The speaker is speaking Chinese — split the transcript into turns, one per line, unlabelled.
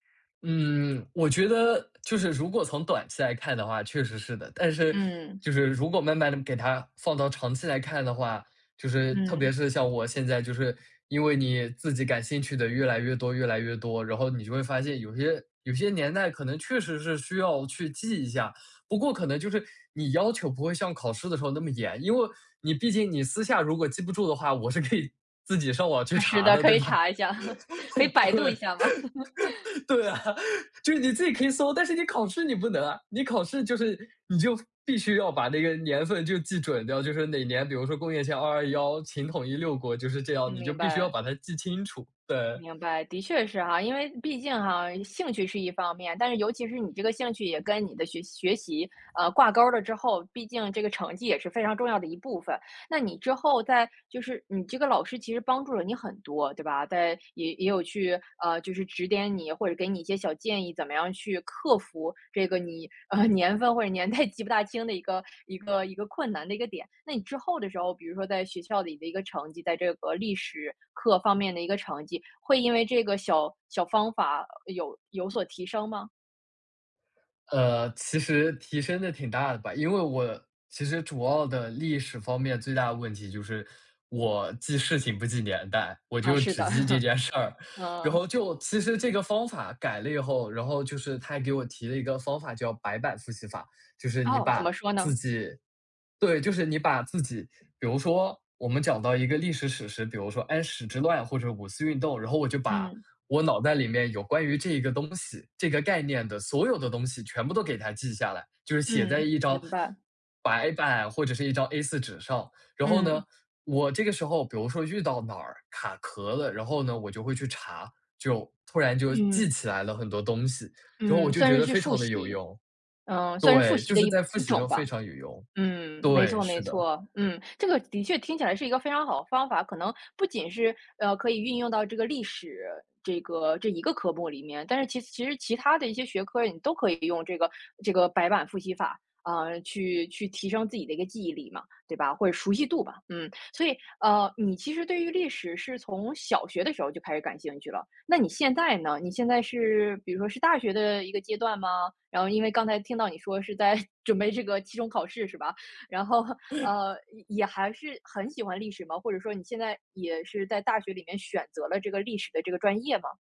嗯。我觉得就是如果从短期来看的话，确实是的。但是
嗯。
就是如果慢慢地给他放到长期来看的话，就是特
嗯。
别是像我现在就是，因为你自己感兴趣的越来越多越来越多，然后你就会发现有些有些年代可能确实是需要去记一下。不过可能就是你要求不会像考试的时候那么严。因为你毕竟你私下如果记不住的话，我是可以自己上网去
啊，是
查
的，
的，
可
对
以
吧？
查一下，可以百度一
对。
下吗？
对啊，就是你自己可以搜，但是你考试你不能啊。你考试就是你就必须要把那个年份就记准掉，就是哪年，比如说公元前221秦统一六国就是这
嗯，
样，你就
明
必须要
白。
把它记清楚，对。
明白。的确是哈。因为毕竟哈，兴趣是一方面，但是尤其是你这个兴趣也跟你的学学习，嗯，挂钩了之后，毕竟这个成绩也是非常重要的一部分。那你之后在就是你这个老师其实帮助了你很多，对吧？在也也有去，呃，就是指点你或者给你一些小建议，怎么样去克服这个你，年份或者年代记不大清的一个一个一个困难的一个点。那你之后的时候，比如说在学校里的一个成绩，在这个历史课方面的一个成绩，会因为这个小小方法有有所提升吗？
呃，其实提升得挺大的吧。因为我其实主要的历史方面最大的问题就是我记事情不记年代，我
啊，
就
是
只
的。
记这 件事儿。然
嗯。
后就其实这个方法改了以后，然后就是他还给我提了一个方法，叫白板复习法。就是你
哦，怎
把
么说
自
呢？
己对，就是你把自己比如说我们讲到一个历史史实，比如说安史之乱或者五四运动，然后我就把
嗯。
我脑袋里面有关于这一个东西这个概念的所有的东西全部都给它记下来。就是写在
嗯，
一张
明白。
白板或者是一张 A4 纸上。然后呢，
嗯。
我这个时候比如说遇到哪儿卡壳了，然后呢，我就会去查，就突然就记
嗯。
起来了很多东西。然后
嗯，
我就
算
觉
是
得
去
非
复
常地有
习。
用。
嗯，算是复
对，
习
就
的
是
一
在复
一
习
种
中
吧。
非常有用。
嗯，没
对，
错
是
没
的。
错，嗯，这个的确听起来是一个非常好的方法，可能不仅是，呃，可以运用到这个历史这个这一个科目里面，但是其其实其他的一些学科你都可以用这个这个白板复习法，嗯，去去提升自己的一个记忆力嘛，对吧？或者熟悉度吧，嗯。所以，嗯，你其实对于历史是从小学的时候就开始感兴趣了，那你现在呢？你现在是比如说是大学的一个阶段吗？然后因为刚才听到你说是在 准备这个期中考试是吧，然后，呃，也也还是很喜欢历史吗？或者说你现在也是在大学里面选择了这个历史的这个专业吗？